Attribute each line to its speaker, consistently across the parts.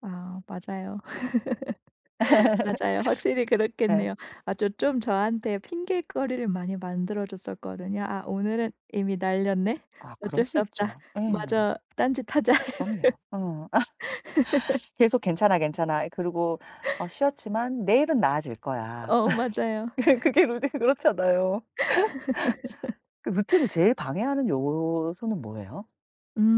Speaker 1: 아. 맞아요. 맞아요. 확실히
Speaker 2: 네.
Speaker 1: 그렇겠네요. 아 저 좀 저한테 핑계거리를 많이 만들어 줬었거든요. '아 오늘은 이미 날렸네.
Speaker 2: 아 그럴
Speaker 1: 어쩔 수
Speaker 2: 수
Speaker 1: 없다.
Speaker 2: 있죠. 예.
Speaker 1: 마저 딴짓하자.'
Speaker 2: 그럼요. 어 아. 계속 '괜찮아, 괜찮아.' 그리고 어 '쉬었지만 내일은 나아질거야.'
Speaker 1: 어 맞아요.
Speaker 2: 그게 [unintelligible] 그렇잖아요. 그 루틴을 제일 방해하는 요오소는 뭐에요?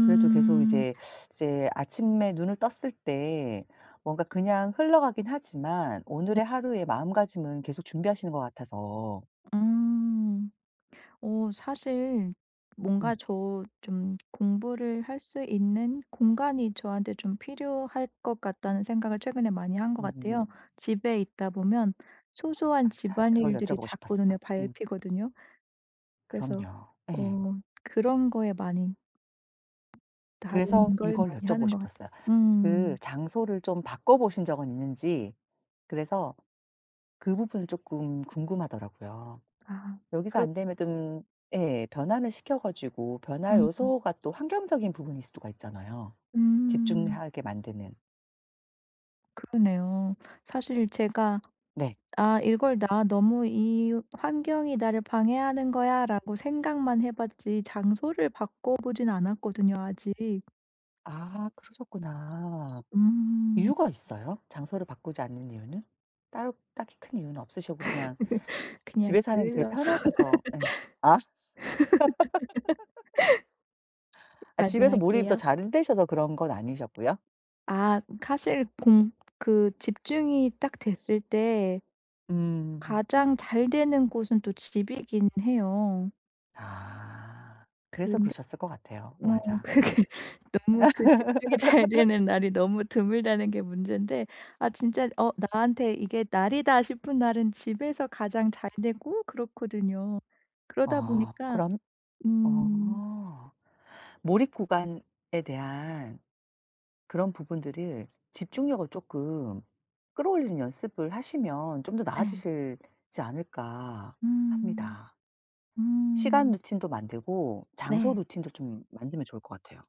Speaker 2: 그래도 계속 이제 이제 아침에 눈을 떴을 때 뭔가 그냥 흘러가긴 하지만
Speaker 1: 네.
Speaker 2: 오늘의 하루의 마음가짐은 계속 준비하시는 것 같아서.
Speaker 1: 음. 어 사실 뭔가
Speaker 2: 음.
Speaker 1: 저 좀 공부를 할 수 있는 공간이 저한테 좀 필요할 것 같다는 생각을 최근에 많이 한 거 같아요.
Speaker 2: 음.
Speaker 1: 집에 있다 보면 소소한
Speaker 2: 맞아. 그걸
Speaker 1: 집안일들이
Speaker 2: 여쭤보고
Speaker 1: 자꾸
Speaker 2: 싶었어.
Speaker 1: 눈에
Speaker 2: 음.
Speaker 1: 밟히거든요. 그래서
Speaker 2: 그럼요. 예.
Speaker 1: 어 그런 거에 많이
Speaker 2: 그래서
Speaker 1: 다른 걸
Speaker 2: 이걸
Speaker 1: 많이
Speaker 2: 여쭤보고
Speaker 1: 하는 것 같아요.
Speaker 2: 싶었어요. 그
Speaker 1: 음.
Speaker 2: 장소를 좀 바꿔보신 적은 있는지 그래서 그 부분은 쪼끔 궁금하더라고요.
Speaker 1: 아
Speaker 2: 여기서
Speaker 1: 그렇
Speaker 2: 안 되면 뜸 예. 변환을 시켜 가지고 변화
Speaker 1: 음.
Speaker 2: 요소가 또 환경적인 부분일 수가 있잖아요.
Speaker 1: 음.
Speaker 2: 집중하게 만드는.
Speaker 1: 그러네요. 사실 제가
Speaker 2: 네.
Speaker 1: '아 이걸 나 너무 이 환경이 나를 방해하는 거야.'라고 생각만 해 봤지 장소를 바꿔 보진 않았거든요 아직.
Speaker 2: 아. 그러셨구나.
Speaker 1: 음.
Speaker 2: 이유가 있어요? 장소를 바꾸지 않는 이유는? 따로 딱히 큰 이유는 없으셨고 그냥
Speaker 1: 그냥
Speaker 2: 집에서 하는 게 제일
Speaker 1: 게을러서.
Speaker 2: 편하셔서 예. 아. 아 집에서 몰입이 더
Speaker 1: 반성할게요.
Speaker 2: 잘 되셔서 그런 건 아니셨고요?
Speaker 1: 아. 사실 공 그 집중이 딱 됐을 때
Speaker 2: 음.
Speaker 1: 가장 잘 되는 곳은 또 집이기는 해요.
Speaker 2: 아. 그래서
Speaker 1: 근데
Speaker 2: 그러셨을 것 같아요.
Speaker 1: 어
Speaker 2: 맞아. 응.
Speaker 1: 그게 너무 그 집중이 잘 되는 날이 너무 드물다는 게 문젠데 아 진짜 어 '나한테 이게 날이다.' 싶은 날은 집에서 가장 잘 되고 그렇거든요. 그러다
Speaker 2: 어.
Speaker 1: 보니까
Speaker 2: 그럼
Speaker 1: 음.
Speaker 2: 어. 몰입 구간에 대한 그런 부분들을 집중력을 쪼끔 끌어올리는 연습을 하시면 좀 더
Speaker 1: 네.
Speaker 2: 나아지실지 않을까
Speaker 1: 음.
Speaker 2: 합니다. 시간
Speaker 1: 음.
Speaker 2: 루틴도 만들고 장소
Speaker 1: 네.
Speaker 2: 루틴도 좀 만들면 좋을 것 같아요.